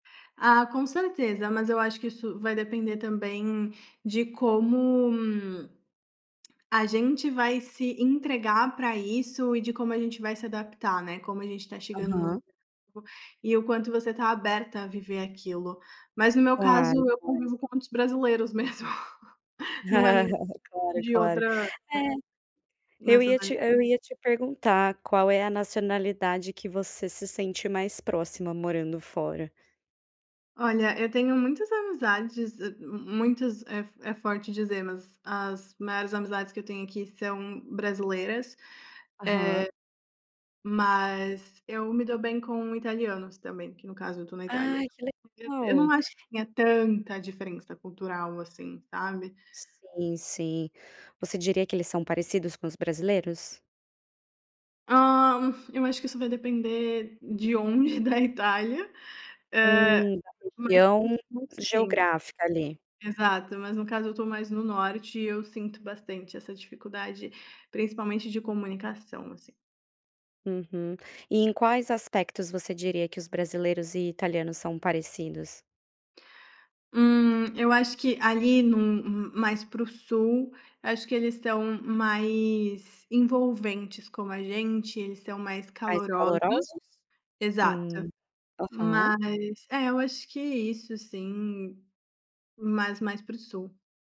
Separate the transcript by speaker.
Speaker 1: Ah, com certeza. Mas eu acho que isso vai depender também de como a gente vai se entregar pra isso e de como a gente vai se adaptar, né, como a gente está chegando num
Speaker 2: Aham.
Speaker 1: e o quanto você está aberta a viver aquilo. Mas no meu caso,
Speaker 2: Claro,
Speaker 1: eu
Speaker 2: claro.
Speaker 1: convivo com muitos brasileiros mesmo, não é um
Speaker 2: Claro, é
Speaker 1: de
Speaker 2: claro.
Speaker 1: outra, eh,
Speaker 2: É, eu
Speaker 1: nessa
Speaker 2: ia te
Speaker 1: [unintelligible]
Speaker 2: eu ia te perguntar, qual é a nacionalidade que você se sente mais próxima morando fora.
Speaker 1: Olha, eu tenho muitas amizades, ah, m muitos é é forte dizer, mas as maiores amizades que eu tenho aqui são brasileiras,
Speaker 2: Aham.
Speaker 1: eh, mas eu me dou bem com italianos também, que no caso eu estou na Itália.
Speaker 2: Ai, que
Speaker 1: E eu não
Speaker 2: legal.
Speaker 1: acho que tenha tanta diferença cultural, assim, sabe.
Speaker 2: Sim, sim. Você diria que eles são parecidos com os brasileiros?
Speaker 1: Hã, eu acho que isso vai depender de onde da Itália, eh,
Speaker 2: Hum, a
Speaker 1: mas
Speaker 2: região
Speaker 1: [unintelligible] sim.
Speaker 2: geográfica, ali.
Speaker 1: Exato, mas no caso eu estou mais no norte, e eu sinto bastante essa dificuldade, principalmente de comunicação, assim.
Speaker 2: Uhum. E em quais aspectos você diria que os brasileiros e italianos são parecidos?
Speaker 1: Hum, eu acho que ali num hum, mais para o sul, acho que eles tão mais envolventes como a gente, eles são mais
Speaker 2: Mais
Speaker 1: calorosos.
Speaker 2: calorosos?
Speaker 1: Exato.
Speaker 2: Hum. Aham.
Speaker 1: Mas, é eu acho que isso sim, mas mais para o sul.